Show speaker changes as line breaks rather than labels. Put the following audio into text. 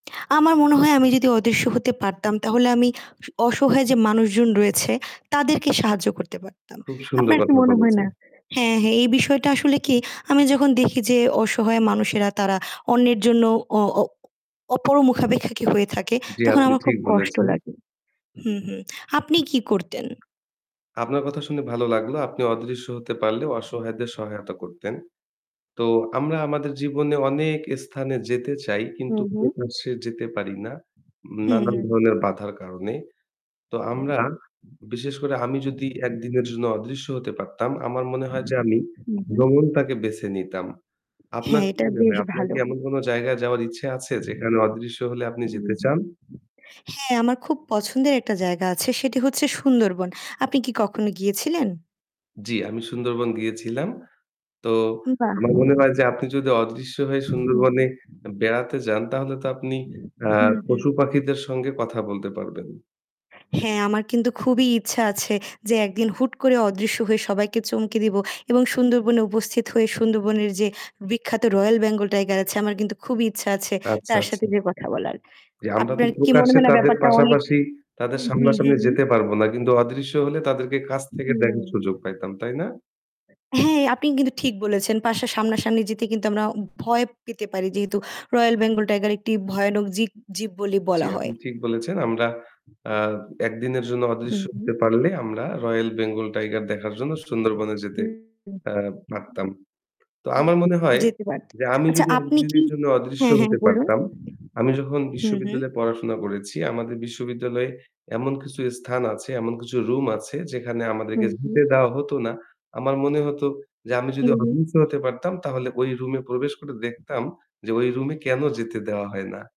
আমার মনে হয় আমি যদি অদৃশ্য হতে পারতাম তাহলে আমি অসহায় যে মানুষজন রয়েছে তাদেরকে সাহায্য করতে পারতাম।
খুবই সুন্দর
আপনার কি
কথা
মনে হয়
বলেছেন।
না হ্যাঁ, হ্যাঁ এই বিষয়টা আসলে কি আমি যখন দেখি যে অসহায় মানুষেরা তারা অন্যের জন্য অ অ অপরমুখাপেক্ষী হয়ে থাকে
জি,
তখন
আপনি
আমার খুব
ঠিক
কষ্ট
বলেছেন।
লাগে। হুম, হুম। আপনি কি করতেন?
আপনার কথা শুনে ভালো লাগলো। আপনি অদৃশ্য হতে পারলে অসহায়দের সহায়তা করতেন। তো আমরা আমাদের জীবনে অনেক স্থানে যেতে চাই কিন্তু
হুম, হুম।
প্রকাশে যেতে পারি না,
হুম,
নানান
হুম।
ধরনের বাধার কারণে। তো আমরা, বিশেষ করে আমি যদি একদিনের জন্য অদৃশ্য হতে পারতাম, আমার মনে হয় যে আমি
হুম, হুম।
ভ্রমণটাকে বেছে নিতাম। আপনার
হ্যাঁ,
কি
এটা
মনে
বেশ
হয়, আপনার
ভালো।
কি এমন কোন জায়গায় যাওয়ার ইচ্ছে আছে যেখানে অদৃশ্য হলে আপনি
হুম,
যেতে
হুম।
চান?
হ্যাঁ, আমার খুব পছন্দের একটা জায়গা আছে সেটি হচ্ছে সুন্দরবন। আপনি কি কখনো গিয়েছিলেন?
জি, আমি সুন্দরবন গিয়েছিলাম। তো
বাহ!
আমার মনে হয় যে আপনি যদি অদৃশ্য হয়ে
হুম।
সুন্দরবনে বেড়াতে যান তাহলে তো আপনি আ
হুম, হুম।
পশু-পাখিদের সঙ্গে কথা বলতে পারবেন।
হ্যাঁ, আমার কিন্তু খুবই ইচ্ছা আছে যে একদিন হুট করে অদৃশ্য হয়ে সবাইকে চমকে দিব এবং সুন্দরবনে উপস্থিত হয়ে সুন্দরবনের যে বিখ্যাত royal Bengal tiger আছে আমার কিন্তু খুবই ইচ্ছা আছে
আচ্ছা,
তার
আচ্ছা।
সাথে যে কথা বলার।
জি, আমরা তো
আপনার কি মনে
প্রকাশ্যে
হয় না
তাদের
ব্যাপারটা অনেক
পাশাপাশি, তাদের
হুম, হুম,
সামনাসামনি
হুম।
যেতে পারবো না। কিন্তু অদৃশ্য হলে তাদেরকে কাছ থেকে
হুম।
দেখার সুযোগ পাইতাম, তাই না?
হ্যাঁ, আপনি কিন্তু ঠিক বলেছেন। পাশে সামনা-সামনি যেতে কিন্তু আমরা উম ভয় পেতে পারি। যেহেতু royal Bengal tiger একটি ভয়ানক জীক জীব বলি
জি,
বলা
আপনি
হয়।
ঠিক বলেছেন। আমরা আ এক দিনের জন্য অদৃশ্য
হুম, হুম।
হতে পারলে আমরা রয়েল বেঙ্গল টাইগার দেখার জন্য সুন্দরবনে যেতে
হুম,
আ পারতাম। তো
হুম।
আমার মনে হয়
যেতে পারত।
যে আমি
আচ্ছা
যদি
আপনি কি
একদিনের জন্য অদৃশ্য
হ্যাঁ, হ্যাঁ
হতে
বলুন।
পারতাম, আমি যখন
হুম, হুম।
বিশ্ববিদ্যালয়ে পড়াশোনা করেছি, আমাদের বিশ্ববিদ্যালয়ে এমন কিছু স্থান আছে, এমন কিছু room আছে যেখানে আমাদেরকে
হুম, হুম।
যেতে দেওয়া হতো না। আমার মনে হতো যে আমি যদি
হুম, হুম।
অদৃশ্য হতে পারতাম তাহলে ওই room এ প্রবেশ করে দেখতাম যে ওই room এ কেন যেতে দেওয়া হয় না।